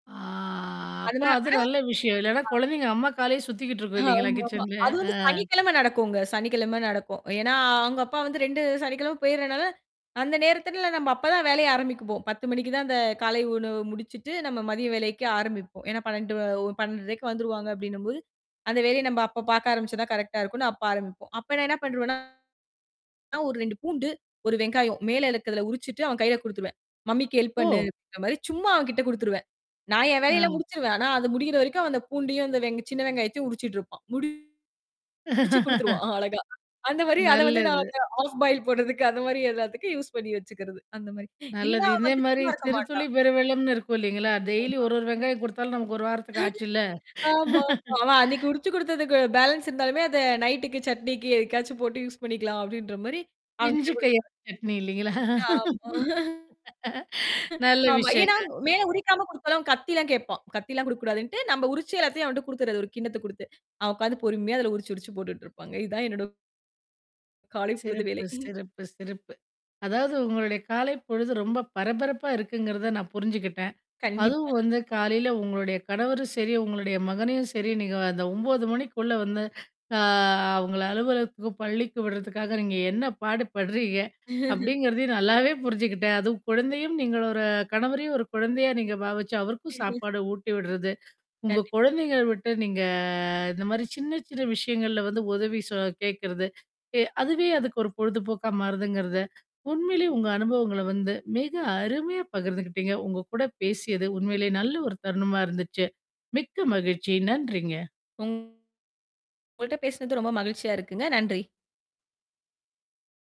அ அதுல, அப்போ அது அ நல்ல விஷயம். இல்லைனா பா குழந்தைங்க அம்மா காலே சுத்திக்கிட்டு இருக்கும் இல்லைங்களா, ஆமாமா. கிச்சன்ல. அது அ. வந்து சனிக்கிழமை நடக்கும்ங்க. சனிக்கிழமை நடக்கும். ஏன்னா, அவங்க அப்பா வந்து 2 சனிக்கிழமை போயிட்றனால, அந்த நேரத்துல எல்லாம் நம்ம அப்பதான் வேலையை ஆரம்பிப்போம். 10:00 மணிக்கு தான் அந்த காலை உணவு முடிச்சிட்டு, நம்ம மதிய வேலைக்கு ஆரம்பிப்போம். ஏன்னா 12 ஒ 12:30க்கு வந்துருவாங்க அப்படின்னும்போது, அந்த வேலையை நம்ம அப்ப பார்க்க ஆரம்பிச்சா தான் கரெக்ட்டா இருக்கும்னு அப்ப ஆரம்பிப்போம். அப்போ நான் என்ன பண்றுவேன்னா, ஒரு 2 பூண்டு, 1 வெங்காயம் மேல இருக்கிறதை உரிச்சுட்டு அவன் கையில குடுத்துருவேன். மம்மிக்கு ஹெல்ப் ஓ! பண்ணுன்ற மாரி சும்மா அவன்கிட்ட குடுத்துருவேன். நான் என் வேலையை எல்லாம் ஆ. முடிச்சிருவேன். ஆனா அது முடியற வரைக்கும் அந்தப் பூண்டியும், அந்த வென் சின்ன வெங்காயத்தையும் உரிச்சிட்டு இருப்பான். முடிச்சு குடுத்துருவான் அழகா. அந்த மாரி அதை வந்து நான் நல்லது. அந்த ஹாஃப் பாயில் போட்றதுக்கு அது மாரி எல்லாத்துக்கும் யூஸ் பண்ணி வச்சுக்கிறது. அந்த மாரி. இல்லைனா நல்லது. அவன் இதே வந்து மாரி சும்மா இருக்க சிறு துளி மாட்டான். பெரு வெள்ளம்னு இருக்கும் இல்லைங்களா? டெய்லி ஆமா. ஒரு ஒரு வெங்காயம் கொடுத்தாலும், நமக்கு 1 வாரத்துக்கு ஆச்சுல்ல. ஆமாமா. அவன் அன்னைக்கு உரிச்சு கொடுத்தது பேலன்ஸ் இருந்தாலுமே, அதை நைட்டுக்கு சட்னிக்கு ஏதுக்காச்சும் போட்டு யூஸ் பண்ணிக்கலாம் அப்படின்ற மாதிரி அவன்கிட்ட பிஞ்சு கை குடுத்துருவேன். உரிச்ச சட்னி இல்லைங்களா? ஆமா. நல்ல ஆமா. ஏன்னா, விஷயங்க. மேல உரிக்காம கொடுத்தாலும் கத்தி எல்லாம் கேப்பான். கத்தி எல்லாம் குடுக்கக்கூடாதுன்னுட்டு, நம்ம உரிச்சு எல்லாத்தையும் அவன்கிட்ட குடுத்துறது, ஒரு கிண்ணத்தை குடுத்து. அவன் உக்காந்து பொறுமையா அதுல உரிச்சு உரிச்சு போட்டுட்டு இருப்பாங்க. இது தான் என்னோட காலைப் பொழுது சிறப்பு, வேலை. சிறப்பு, சிறப்பு. அதாவது உங்களோட காலைப் பொழுது ரொம்ப பரபரப்பா இருக்குங்குறதை நான் புரிஞ்சுக்கிட்டேன். கண்டிப்பா. அதுவும் வந்து காலையில உங்களோட கணவரும் சரி, உங்களோட மகனையும் சரி நீங்க அந்த 9:00 மணிக்குள்ள வந்து அ அவங்களை அலுவலகத்துக்கும், பள்ளிக்கும் விடுறதுக்காக நீங்க என்ன பாடு பட்றீங்க, அப்படிங்கறதையும் நல்லாவே புரிஞ்சுக்கிட்டேன். அதுவும் குழந்தையும் நீங்க ஒரு கணவரையும் ஒரு குழந்தையா நீங்க பாவிச்சு, அவருக்கும் சாப்பாடு ஊட்டி விட்றது, உங்க கண்டிப்பா. குழந்தைகளை விட்டு நீங்க இந்த மாரி சின்ன சின்ன விஷயங்கள்ல வந்து உதவி சொ கேக்குறது. வே அதுவே அதுக்கு ஒரு பொழுதுபோக்கா மாறுதுங்குறத, உண்மையிலேயே உங்க அனுபவங்களை வந்து மிக அருமையா பகிர்ந்துக்கிட்டீங்க. உங்க கூடப் பேசியது உண்மையிலேயே நல்ல ஒரு தருணமா இருந்துச்சு. மிக்க மகிழ்ச்சி. நன்றிங்க. உங்கள்ட்ட பேசினது ரொம்ப மகிழ்ச்சியா இருக்குங்க. நன்றி!